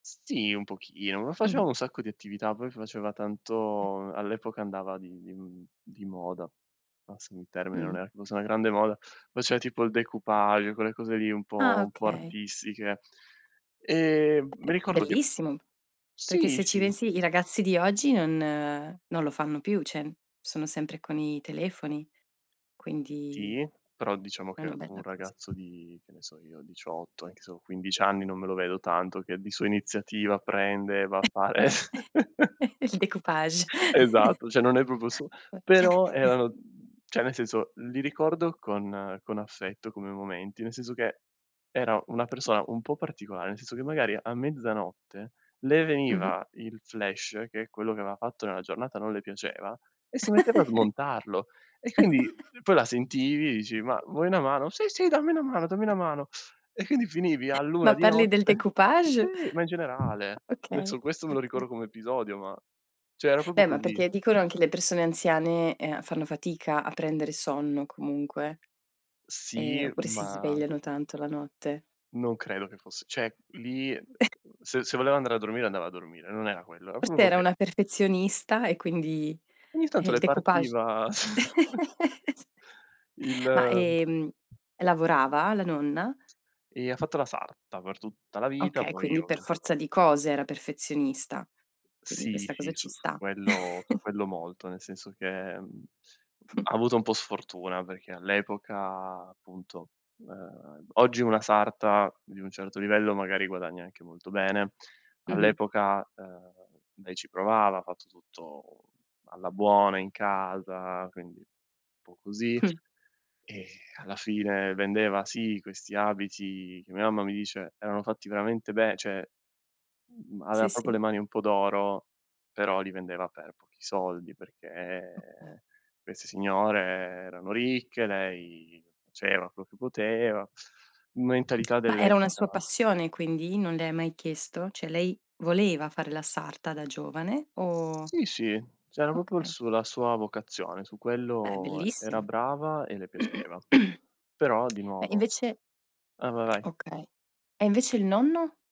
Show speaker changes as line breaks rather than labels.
S sì, un pochino, ma
Mh-mh.
facevamo un sacco di attività, poi faceva
Mh.
tanto all'epoca andava di di mhmm di moda, passami il termine, non
Mh.
è che fosse una grande moda, faceva tipo il decoupage, quelle cose lì un po'
Ah,
un po'
okay.
artistiche. E
È
mi
è
ricordo che
bellissimo. Perché
Sì,
se ci
sì.
pensi i ragazzi di oggi non non lo fanno più, cioè sono sempre con i telefoni, quindi
Sì, però diciamo
è
che
una
un
bella cosa.
ragazzo di, che ne so io, 18, anche se ho 15 anni, non me lo vedo tanto che di sua iniziativa prende e va a fare
Il decoupage.
Esatto, cioè non è proprio il su però erano, cioè nel senso, li ricordo con con affetto come momenti, nel senso che era una persona un po' particolare, nel senso che magari a mezzanotte le
Mh-mh.
veniva il flash, che quello che aveva fatto nella giornata non le piaceva, e si metteva a smontarlo. E quindi poi la sentivi e dici: "Ma vuoi una mano?" "Sì, sì, dammi una mano, dammi una mano". E quindi finivi all'1
Ma
di
parli del
notte
decoupage?
sì, ma in generale.
Okay,
Adesso questo me lo
okay.
ricordo come episodio, ma cioè era proprio
Beh, ma
così.
perché dicono che le persone anziane ehm fanno fatica a prendere sonno comunque, e
Sì,
oppure si
ma
svegliano tanto la notte.
non credo che foss cioè lì se se voleva andare a dormire andava a dormire, non era quello, era
Forse
proprio
era
che
una perfezionista e quindi
ogni
ehm
tanto
il
le
decoupage
partiva
S
il
ma ehm, lavorava la nonna?
E ha fatto la sarta per tutta la vita,
Okay,
poi
quindi per
ovviamente
forza di cose era perfezionista. Quindi
Sì,
questa cosa
sì, su
ci
su
sta.
quello su quello molto, nel senso che mhmm ha avuto un po' sfortuna perché all' epoca appunto uhm oggi una sarta di un certo livello magari guadagna anche molto bene.
Mh-mh.
All'epoca ehm lei ci provava, ha fatto tutto alla buona, in casa, quindi un po' così, e alla fine vendeva, sì, questi abiti che mia mamma mi dice erano fatti veramente be cioè mh aveva
Sì,
proprio le
sì.
mani un po' d'oro, però li vendeva per pochi soldi
Okay.
perché queste signore erano ricche, lei faceva quello che poteva. Mentalità
Ma era una
dell'epoca.
sua passione, quindi? Non le hai mai chiesto? Cioè, lei voleva fare la sarta da giovane? O
Sì, sì, cioè era proprio il
Okay.
suo la sua vocazione, su
Beh,
quello era
bellissimo.
brava e le piaceva.
Beh
Però di nuovo
invece
ah, vai, vai.
Okay. E invece il nonno?